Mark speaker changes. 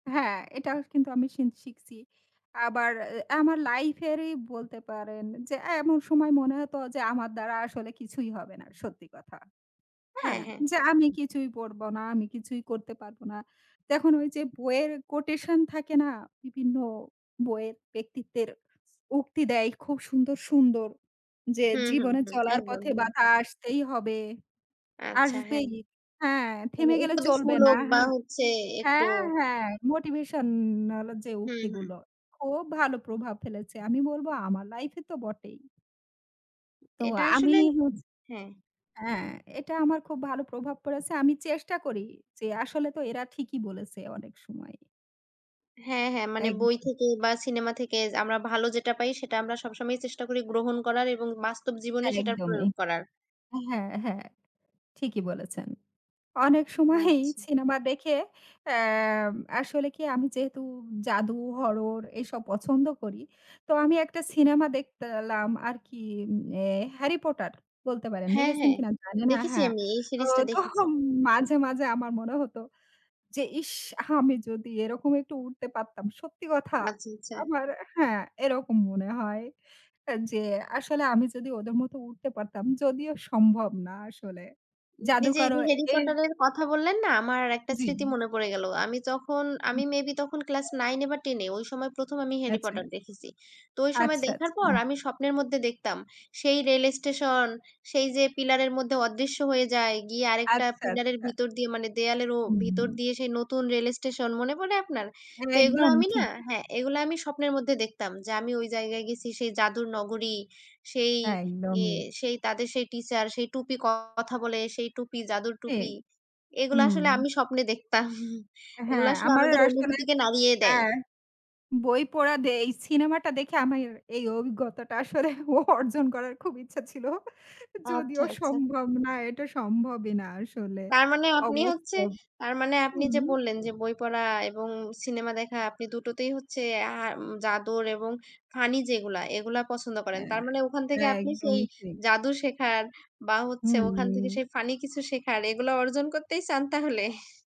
Speaker 1: হ্যাঁ, এটাও কিন্তু আমি শিন শিখছি। আবার আ আমার লাইফ এরই বলতে পারেন যে এ্যা এমন সময় মনে হতো যে আমার দ্বারা আসলে কিছুই হবে না সত্যি কথা।
Speaker 2: হ্যাঁ,
Speaker 1: হ্যাঁ,
Speaker 2: হ্যাঁ।
Speaker 1: যে আমি কিছুই পড়বো না, আমি কিছুই করতে পারবো না। তখন ঐ যে বইয়ের কোটেশন থাকে না, বিভিন্ন বইয়ের ব্যক্তিত্বের উক্তি দেয় খুব সুন্দর, সুন্দর যে
Speaker 2: হুম, হুম,
Speaker 1: জীবনে
Speaker 2: হুম।
Speaker 1: চলার
Speaker 2: একদম,
Speaker 1: পথে
Speaker 2: একদম।
Speaker 1: বাধা আসতেই হবে,
Speaker 2: আচ্ছা হ্যাঁ।
Speaker 1: আসবেই হ্যাঁ
Speaker 2: মানে
Speaker 1: থেমে গেলে চলবে না
Speaker 2: উপদেশমূলক বা
Speaker 1: হ্যাঁ।
Speaker 2: হচ্ছে একটু
Speaker 1: হ্যাঁ, হ্যাঁ, মোটিভেশন হল যে
Speaker 2: হুম, হুম।
Speaker 1: উক্তিগুলো, খুব ভালো প্রভাব ফেলেছে আমি বলবো আমার লাইফ এ তো বটেই। তো
Speaker 2: এটা
Speaker 1: আমি
Speaker 2: আসলে
Speaker 1: হচ
Speaker 2: হ্যাঁ।
Speaker 1: হ্যাঁ, এটা আমার খুব ভালো প্রভাব পড়েছে। আমি চেষ্টা করি যে আসলে তো এরা ঠিকই বলেছে অনেক সময়।
Speaker 2: হ্যাঁ, হ্যাঁ। মানে বই
Speaker 1: একদম।
Speaker 2: থেকে বা সিনেমা থেকে য আমরা ভালো যেটা পাই সেটা আমরা সবসময়ই চেষ্টা করি গ্রহণ করার এবং বাস্তব জীবনে সেটার
Speaker 1: একদমই।
Speaker 2: প্রয়োগ করার।
Speaker 1: হ্যাঁ, হ্যাঁ, ঠিকই বলেছেন। অনেক সময়ই
Speaker 2: আচ্ছা।
Speaker 1: সিনেমা দেখে, অ্যা আসলে কি আমি যেহেতু জাদু, হরর এসব পছন্দ করি। তো আমি একটা সিনেমা দেখলাম আর কি, অ্যা 'হ্যারি পটার' বলতে পারেন।
Speaker 2: হ্যাঁ
Speaker 1: দেখেছেন
Speaker 2: ,হ্যাঁ।
Speaker 1: কিনা জানিনা।
Speaker 2: দেখেছি
Speaker 1: হ্যাঁ,
Speaker 2: আমি এই
Speaker 1: তো
Speaker 2: সিরিজটা দেখেছি।
Speaker 1: তখন মাঝে, মাঝে আমার মনে হতো যে "ইশ! আমি যদি এরকম একটু উড়তে পারতাম"। সত্যি কথা
Speaker 2: আচ্ছা, আচ্ছা।
Speaker 1: আমার হ্যাঁ, এরকম মনে হয় যে আসলে আমি যদি ওদের মতো উড়তে পারতাম। যদিও সম্ভব না আসলে।
Speaker 2: এইযে এই
Speaker 1: জাদুকরও
Speaker 2: যে 'হ্যারি
Speaker 1: এর
Speaker 2: পটার' এর কথা বললেন না, আমার একটা
Speaker 1: জি।
Speaker 2: স্মৃতি মনে পড়ে গেল। আমি যখন, আমি মেইবি তখন ক্লাস 9 এ বা 10 এ, ঐ সময় ১ম আমি 'হ্যারি
Speaker 1: আচ্ছা।
Speaker 2: পটার' দেখেছি। তো ঐ সময়
Speaker 1: আচ্ছা,
Speaker 2: দেখার পর
Speaker 1: আচ্ছা।
Speaker 2: আমি স্বপ্নের মধ্যে দেখতাম সেই রেল স্টেশন, সেই যে পিলারের মধ্যে অদৃশ্য হয়ে যায়, গিয়ে আরেকটা
Speaker 1: আচ্ছা,
Speaker 2: পিলারের
Speaker 1: আচ্ছা।
Speaker 2: ভিতর দিয়ে মানে দেয়ালেরও ভিতর
Speaker 1: হুম।
Speaker 2: দিয়ে সেই নতুন রেল স্টেশন। মনে পড়ে আপনার?
Speaker 1: হ্যাঁ,
Speaker 2: তো এগুলা
Speaker 1: একদম
Speaker 2: আমি না,
Speaker 1: ঠিকই।
Speaker 2: হ্যাঁ, এগুলা আমি স্বপ্নের মধ্যে দেখতাম যে আমি ঐ জায়গায় গেছি, সেই জাদুর নগরী, সেই ই
Speaker 1: একদমই।
Speaker 2: সেই তাদের সেই টিচার, সেই টুপি কথা বলে, সেই টুপি জাদুর
Speaker 1: ঠিক।
Speaker 2: টুপি। এগুলা
Speaker 1: হুম।
Speaker 2: আসলে আমি স্বপ্নে দেখতাম এগুলা
Speaker 1: হ্যাঁ,
Speaker 2: আসলে
Speaker 1: আমার
Speaker 2: আমাদের
Speaker 1: আসলে
Speaker 2: অনুভূতিকে নাড়িয়ে দেয়।
Speaker 1: হ্যাঁ, বই পড়া দে এই সিনেমাটা দেখে আমার এই অভিজ্ঞতাটা আসলে অর্জন করার খুব ইচ্ছা ছিল
Speaker 2: আচ্ছা
Speaker 1: যদিও
Speaker 2: আচ্ছা।
Speaker 1: সম্ভব না, এটা সম্ভবই না আসলে
Speaker 2: তার মানে আপনি হচ্ছে,
Speaker 1: অবাস্তব।
Speaker 2: তার মানে
Speaker 1: উ,
Speaker 2: আপনি যে
Speaker 1: হুম।
Speaker 2: বললেন যে বই পড়া এবং সিনেমা দেখা আপনি দুটোতেই হচ্ছে আ জাদুর এবং ফানি যেগুলা এগুলা পছন্দ করেন।
Speaker 1: হ্যাঁ।
Speaker 2: তার মানে ওখান থেকে আপনি সেই
Speaker 1: একদমই ঠিক।
Speaker 2: জাদু শেখার বা হচ্ছে ওখান থেকে
Speaker 1: হুম।
Speaker 2: সেই ফানি কিছু শেখার, এগুলা অর্জন করতেই চান তাহলে?